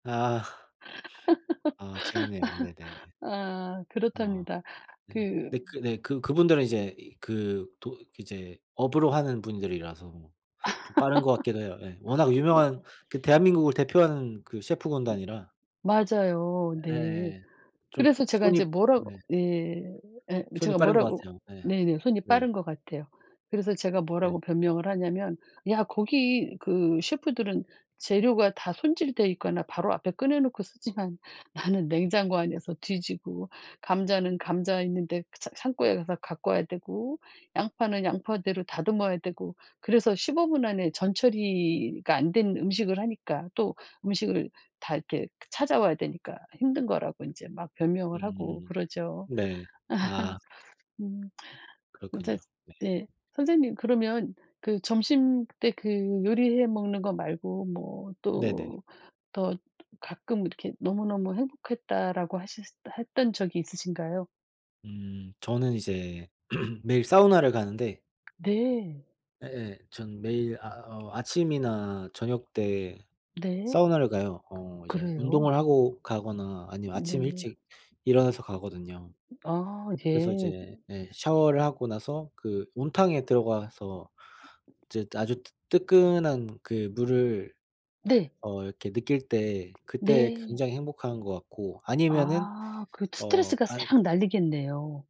아. 아 재밌네요. 네네. 아 아 그렇답니다. 네. 그 네 그 네 그 그분들은 이제 이 그 도 이제 업으로 하는 분들이라서 뭐 좀 빠른 것 같기도 해요 예. 워낙 어. 유명한 그 대한민국을 대표하는 그 셰프 군단이라 맞아요. 네. 예 좀 그래서 제가 손이 이제 뭐라고 네. 네 예 뭐 손이 제가 빠른 것 뭐라고 같아요. 예. 네네 손이 네. 빠른 것 같아요. 그래서 제가 네. 뭐라고 변명을 하냐면 야 거기 그 셰프들은 재료가 다 손질돼 있거나 바로 앞에 꺼내 놓고 쓰지만 나는 냉장고 안에서 뒤지고 감자는 감자 있는데 그 차 창고에 가서 갖고 와야 되고 양파는 양파대로 다듬어야 되고 그래서 15분 안에 전 처리가 안 된 음식을 하니까 또 음식을 다 이렇게 찾아와야 되니까 힘든 거라고 인제 막 변명을 하고 음. 그러죠. 네. 아. 음. 이제 그렇군요. 네. 예 선생님 그러면 그 점심때 그 요리해 먹는 거 말고 뭐 네네. 또 더 가끔 이렇게 "너무너무 행복했다."라고 하셨을 했던 적이 있으신가요? 음 저는 이제 매일 사우나를 가는데 네. 예예 전 매일 아 어 아침이나 저녁때 네. 사우나를 가요. 어 이제 운동을 그래요? 하고 가거나 아니면 아침에 네. 일찍 일어나서 가거든요. 아 그래서 예. 이제 예 샤워를 하고 나서 그 온탕에 들어가서 이제 아주 뜨 뜨끈한 그 물을 네. 어 이렇게 느낄 때 그때 네. 굉장히 행복한 것 같고. 아니면은 아 그 어 스트레스가 아 싹 날리겠네요.